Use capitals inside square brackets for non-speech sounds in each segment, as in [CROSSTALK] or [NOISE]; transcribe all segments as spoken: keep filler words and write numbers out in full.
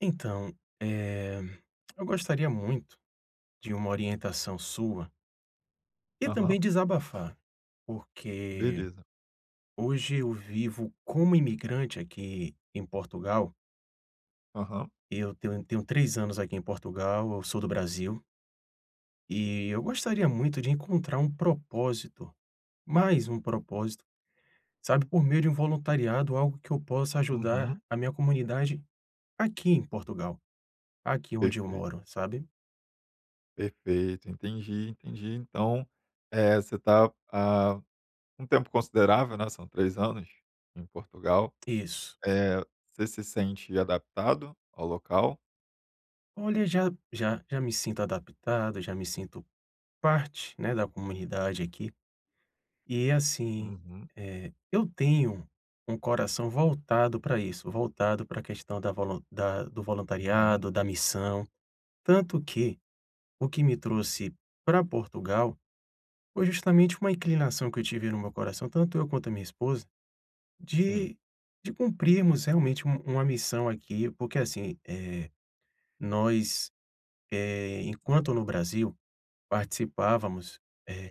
Então, eh, eu gostaria muito de uma orientação sua e Aham. também desabafar, porque Beleza. hoje eu vivo como imigrante aqui em Portugal Aham. e eu tenho eu tenho três anos aqui em Portugal, eu sou do Brasil e, eu gostaria muito de encontrar um propósito, mais um propósito, sabe, por meio de um voluntariado, algo que eu possa ajudar Uhum. a minha comunidade, aqui em Portugal. Aqui onde eu Perfeito. moro, sabe. Perfeito, entendi, entendi. Então, eh, você está há um tempo considerável, né, são três anos, em Portugal. Isso. Eh, você se sente adaptado ao local? Olha, já já já me sinto adaptado, já me sinto parte, né, da comunidade aqui. E assim, Uhum. eh, eu tenho um coração voltado para isso, voltado para a questão da volun da do Uhum. voluntariado, da missão. Tanto que, o que me trouxe para Portugal, foi justamente uma inclinação que eu tive no meu coração, tanto eu quanto a minha esposa, Sim. de de cumprirmos, realmente, um uma missão aqui, porque assim, eh, nós, eh, enquanto no Brasil, participávamos,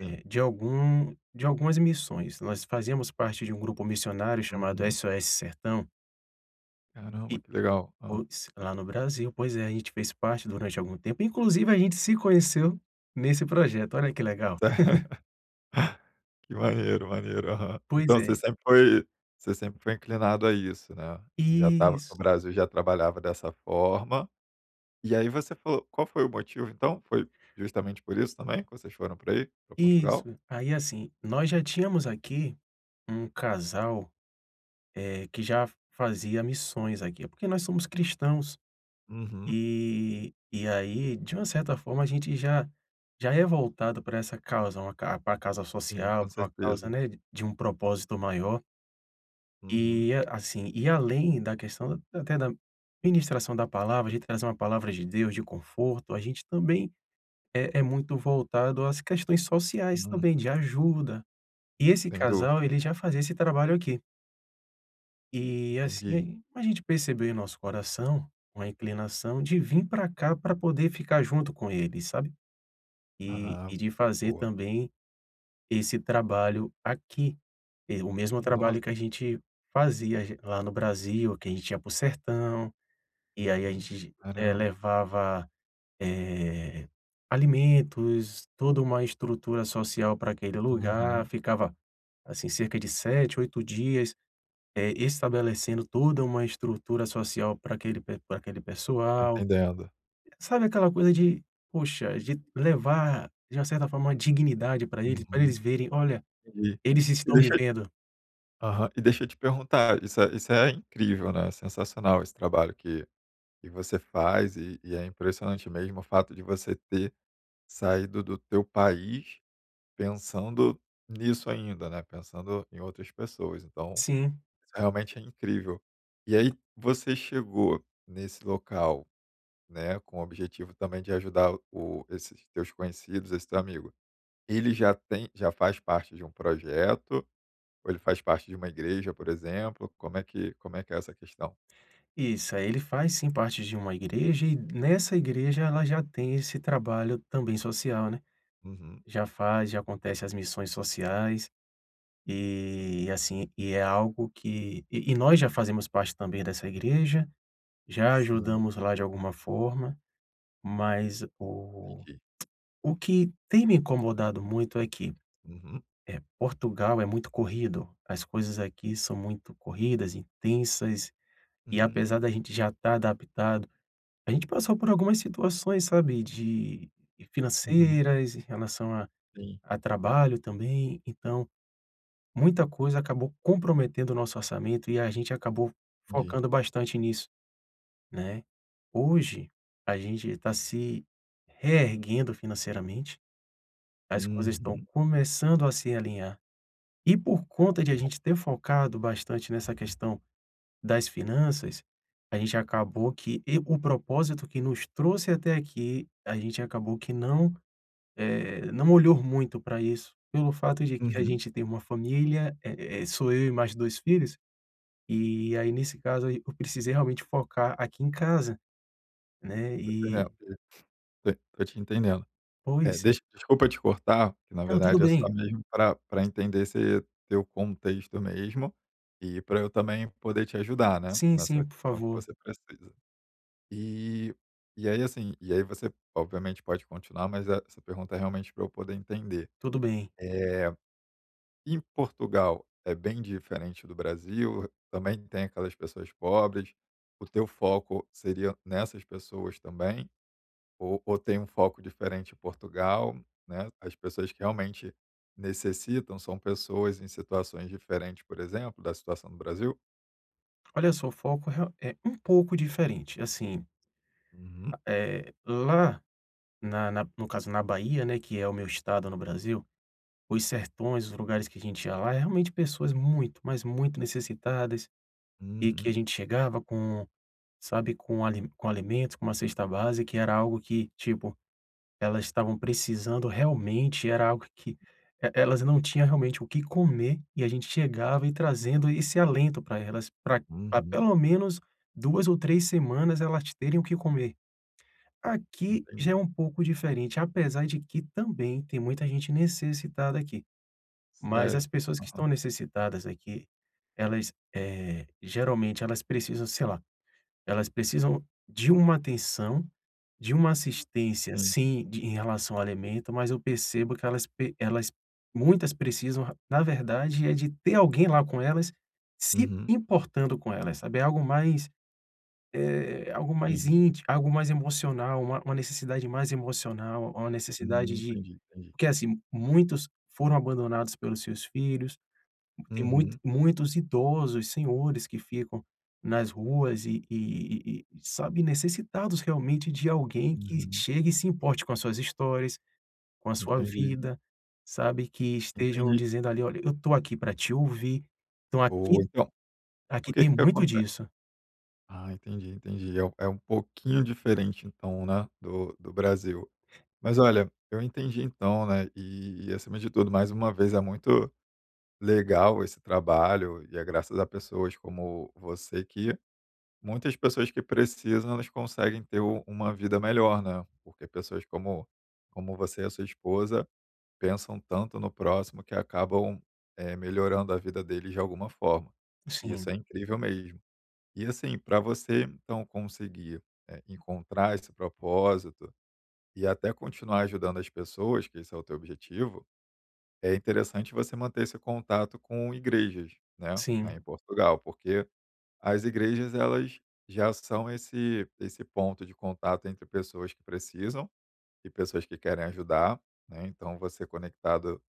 Sim. de algum de algumas missões. Nós fazíamos parte de um grupo missionário chamado Uhum. SOS Sertão Caramba, e que legal. Hã. pois, lá no Brasil, pois é. E a gente fez parte durante algum tempo inclusive a gente se conheceu nesse projeto, olha que legal. Se [CHUCKLES] [LAUGHS] Que maneiro, maneiro, aham. Pois Então você é. sempre foi você sempre foi inclinado a isso, né. Já estava Isso. no Brasil já trabalhava dessa forma, e aí você falou qual foi o motivo, então? Foi justamente por isso também, que vocês foram para aí, para Portugal? Isso. Aí assim, nós já tínhamos aqui um casal, eh, que já f fazia missões aqui, porque nós somos cristãos. Uhum. E e aí, de uma certa forma, a gente já já é voltado para essa causa, uma ca para causa Sim, social, com para uma causa, certeza. né, de um propósito maior. Uhum. E assim, e além da questão até da ministração da palavra, a gente traz uma palavra de Deus, de conforto, a gente também é é muito voltado às questões sociais também Uhum. de ajuda. E esse Tem casal dorpe. ele já fazia esse trabalho aqui. E Entendi. assim a gente percebeu em nosso coração uma inclinação de vir pra cá pra poder ficar junto com ele, sabe. E Ah, e de fazer boa. também esse trabalho aqui, o mesmo Noss trabalho que a gente fazia j lá no Brasil, que a gente ía para o sertão, e aí a Uhum, gente, eh caramba. levava, eh alimentos, toda uma estrutura social pra aquele lugar, Uhum. ficava assim cerca de sete, oito dias, eh, estabelecendo toda uma estrutura social pra aquele pe pra aquele Tô pessoal. entendendo. Sabe aquela coisa de, poxa, de levar de uma certa forma, uma dignidade pra eles, pra Uhum. eles verem: "Olha, eles E estão me deixa vendo"? Aham e deixa eu te perguntar, isso é isso é incrível, né, é sensacional esse trabalho que que você faz e e é impressionante mesmo o fato de você ter saído do teu país, pensando nisso ainda, né, pensando em outras pessoas. Então, Sim. isso realmente é incrível. E aí você chegou nesse local, né, com o objetivo também de ajudar o esses teus conhecidos, esse teu amigo. Ele já tem já faz parte de um projeto ou ele faz parte de uma igreja, por exemplo, como é que como é que é essa questão? Isso, aí ele faz sim parte de uma igreja e nessa igreja ela já tem esse trabalho também social, né. Uhum. Já faz, já acontece as missões sociais e, assim, e é algo que e e nós já fazemos parte também dessa igreja, já Sim. ajudamos lá de alguma forma. Mas o Entendi. o que tem me incomodado muito é que, Uhum. eh Portugal é muito corrido, as coisas aqui são muito corridas, intensas e apesar Hum. da gente já estar adaptado, a gente passou por algumas situações, sabe, de Uhum. financeiras em relação a Sim. a trabalho também. Então, muita coisa acabou comprometendo o nosso orçamento e a gente acabou Entendi. focando bastante nisso, né. Hoje, a gente tá se reerguendo financeiramente, as coisas estão Uhum. começando a se alinhar. E por Ah, conta de que a bom. gente ter focado bastante nessa questão das finanças, a gente acabou que e o propósito que nos trouxe até aqui, a gente acabou que não, eh, não olhou muito pra isso, pelo fato de que a Uhum. gente tem uma família, eh eh sou eu e mais dois filhos, e aí nesse caso aí eu precisei realmente focar aqui em casa, né, Tô entendendo e que tô tô te entendendo. Eh Pois. deixa desculpa te cortar, que na Não, tudo verdade é só bem. mesmo pra pra entender esse teu contexto mesmo, e pra eu também poder te ajudar, né, Sim, sim, nessa por questão que favor. você precisa. E e aí, assim, e aí você obviamente pode continuar, mas essa pergunta é realmente pra eu poder entender, Tudo bem. eh, em Portugal é bem diferente do Brasil, também tem aquelas pessoas pobres, o teu foco seria nessas pessoas também, ou ou tem um foco diferente em Portugal, né? As pessoas que realmente necessitam são pessoas em situações diferentes, por exemplo, da situação do Brasil? Olha só, o foco re é um pouco diferente, assim Uhum. Eh lá, na na no caso na Bahia, né, que é o meu Estado no Brasil, os sertões, os lugares que a gente ia lá é realmente pessoas muito, mas muito necessitadas, e que a Uhum. gente chegava com, sabe com ali com alimentos, com uma cesta básica e era algo que, tipo, elas estavam precisando realmente, era algo que, elas não tinham realmente o que comer, e a gente chegava e trazendo esse alento pra elas pra pra Uhum. pelo menos duas ou três semanas elas terem o que comer. Aqui já Entendi. é um pouco diferente, apesar de que também tem muita gente necessitada aqui. Mas Sério? as pessoas que estão Aham. necessitadas aqui, elas, eh, geralmente elas precisam, sei lá, elas precisam de uma atenção, de uma assistência Sim. sim em relação ao alimento, mas eu percebo que elas pe elas muitas precisam, na verdade, é de ter alguém lá com elas se Uhum. importando com elas, sabe. É algo mais, eh, é algo mais Sim. inti algo mais emocional, uma uma necessidade mais emocional, uma necessidade Uhum, de entendi, entendi. porque assim, muitos foram abandonados pelos seus filhos, tem muito Uhum. muitos idosos, senhores que ficam nas ruas e e e sabe, necessitados realmente de alguém que Uhum. chegue e se importe com as suas histórias, com a sua Entendi. vida, sabe. Que estejam Entendi. dizendo ali olha, eu estou aqui pra te ouvir. Então Boa, aqui então, o aqui que tem que muito aconte disso. Ah, entendi, entendi, é um é um pouquinho diferente então, né, do do Brasil. Mas olha, eu entendi então, né, e e acima de tudo mais uma vez é muito legal esse trabalho e é graças a pessoas como você que muitas pessoas que precisam elas conseguem ter u uma vida melhor, né? Porque pessoas como como você e a sua esposa pensam tanto no próximo que acabam, eh, melhorando a vida deles de alguma forma. E Sim. isso é incrível mesmo. E assim, pra você então conseguir, eh, encontrar esse propósito e até continuar ajudando as pessoas, que esse é o teu objetivo, é interessante você manter esse contato com igrejas, né, aí Sim. em Portugal. Porque as igrejas elas já são esse esse ponto de contato entre pessoas que precisam e pessoas que querem ajudar, né, então você conectado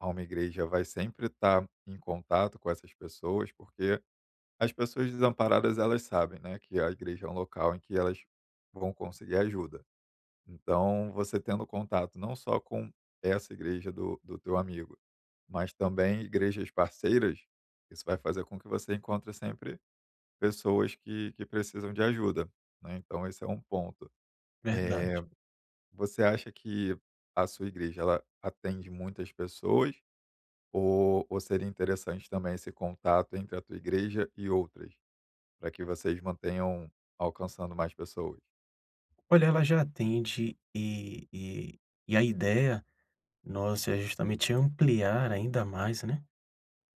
a uma igreja vai sempre estar em contato com essas pessoas, porque as pessoas desamparadas elas sabem, né, que a igreja é um local em que elas vão conseguir ajuda. Então você tendo contato não só com essa igreja do do teu amigo, mas também igrejas parceiras, isso vai fazer com que você encontre sempre pessoas que que precisam de ajuda, né, então esse é um ponto. Eh, Verdade. você acha que a sua igreja ela atende muitas pessoas? Ou ou seria interessante também esse contato entre a tua igreja e outras? Pra que vocês mantenham alcançando mais pessoas? Olha, ela já atende e e e a idéia nossa é justamente ampliar ainda mais, né,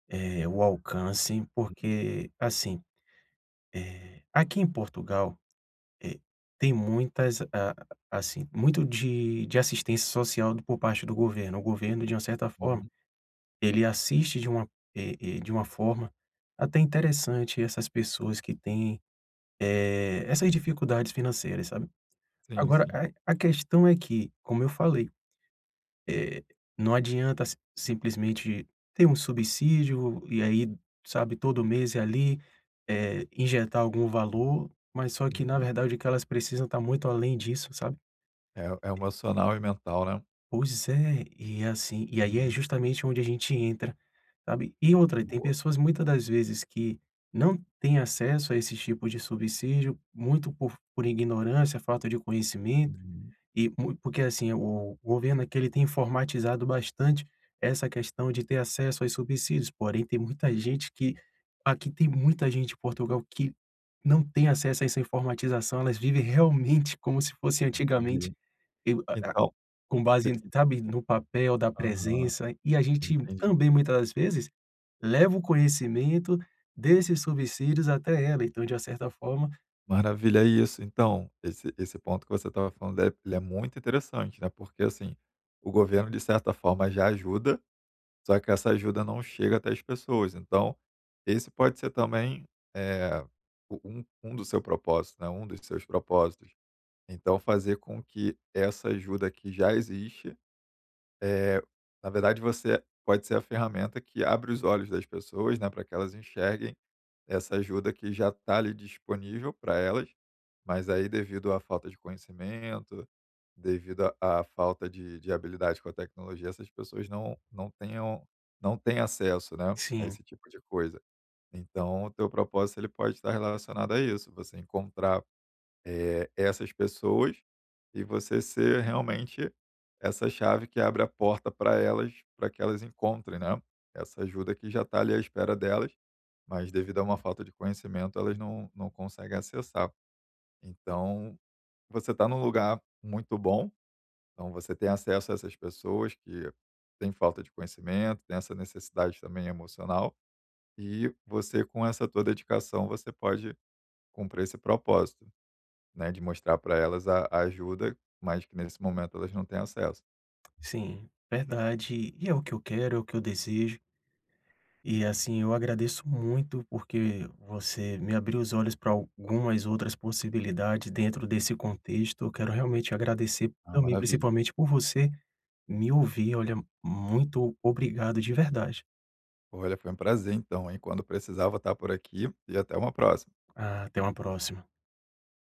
eh, o alcance Uhum. porque, assim, eh aqui em Portugal, eh, tem muitas a assim, muito de de assistência social por parte do governo. O governo, de uma certa forma, Uhum. ele assiste de uma e e de uma forma até interessante essas pessoas que têm, eh, essas dificuldades financeiras, sabe. Sim, Agora sim. a a questão é que, como eu falei, eh não adianta si simplesmente ter um subsídio e aí, sabe, todo mês ir ali, eh, injetar algum valor, mas só que na Uhum. verdade o que elas precisam tá muito além disso, sabe? É é o emocional e o mental, né? Pois é, e assim, e aí é Uhum. justamente onde a gente entra, sabe. E outra, tem Boa. pessoas muita das vezes que não têm acesso a esses tipos de subsídio, muito por por ignorância, falta de conhecimento Uhum. e mu porque assim, o governo aqui ele tem informatizado bastante essa questão de ter acesso aos subsídios, porém tem muita gente que aqui tem muita gente em Portugal que não tem acesso a essa informatização, elas vivem realmente como se fosse antigamente, Entendi. e a a Então com base, [UNINTELLIGIBLE] sabe, no papel da Aham, presença. E a gente entendi. também, muitas das vezes, leva o conhecimento desses subsídios até ela, então, de uma certa forma Maravilha, é isso. Então, esse esse ponto que você estava falando dele, ele é muito interessante, né, porque assim, o governo de certa forma já ajuda, só que essa ajuda não chega até as pessoas então, esse pode ser também, eh, o um um do seu propósito, né, um dos seus propósitos, então fazer com que essa ajuda que já existe, eh, na verdade, você pode ser a ferramenta que abre os olhos das pessoas, né, pra que elas enxerguem, essa ajuda que já tá ali disponível pra elas. Mas aí devido à falta de conhecimento, devido à à falta de de habilidades com a tecnologia, essas pessoas não não tenham não têm acesso, né, a Sim. esse tipo de coisa. Então o teu propósito, ele pode estar relacionado a isso, você encontrar, eh, essas pessoas e você ser realmente essa chave que abre a porta pra elas, pra que elas encontrem, né, essa ajuda que já tá ali à espera delas, mas devido a uma falta de conhecimento elas não não conseguem acessar. Então, você tá num lugar muito bom, então você tem acesso a essas pessoas que têm falta de conhecimento, têm essa necessidade também emocional. E você com essa tua dedicação você pode cumprir esse propósito, né, de mostrar pra elas a ajuda, mas que nesse momento elas não têm acesso. Sim, verdade, e é o que eu quero, é o que eu desejo e, assim, eu agradeço muito porque você me abriu os olhos pra algumas outras possibilidade dentro desse contexto, eu quero realmente agradecer Ah, também maravilha. principalmente por você me ouvir, olha, muito obrigado de verdade. Olha, foi prazer então, hein. Quando precisar vou estar por aqui, e até uma próxima. Ah, até uma próxima.